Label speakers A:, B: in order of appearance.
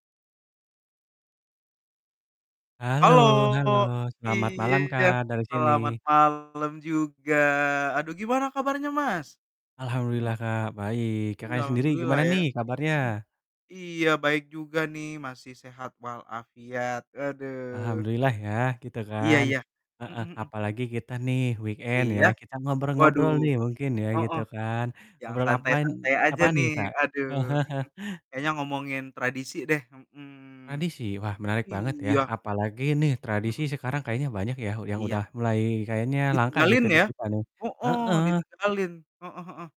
A: Halo
B: Halo
A: halo selamat malam
B: iya,
A: Kak, dari sini.
B: selamat malam juga, aduh gimana kabarnya, Mas? Mhm.
A: Alhamdulillah Kak, baik,
B: Iya,
A: Kakaknya sendiri
B: alhamdulillah
A: gimana
B: ya,
A: nih
B: mhm,
A: kabarnya?
B: iya baik juga nih masih sehat walafiat aduh,
A: Alhamdulillah ya, gitu
B: iya
A: kan,
B: iya,
A: heeh,
B: mhm mhm.
A: apalagi kita nih weekend
B: Iya?
A: ya kita
B: Waduh,
A: ngobrol-ngobrol nih mungkin ya gitu
B: heeh,
A: kan,
B: yang
A: ngobrol apan
B: santai-santai aja
A: apaan nih,
B: nih
A: Kak?
B: aduh, mhm, kayaknya ngomongin tradisi deh, mhm,
A: Tradisi? Wah menarik banget ya,
B: iya.
A: apalagi nih tradisi
B: Mhm.
A: sekarang kayaknya banyak ya yang udah
B: Iya.
A: mulai kayaknya langka
B: Ditinggalin
A: gitu di
B: ya?
A: kita nih,
B: Heeh,
A: heeh.
B: ditinggalin, heeh heeh.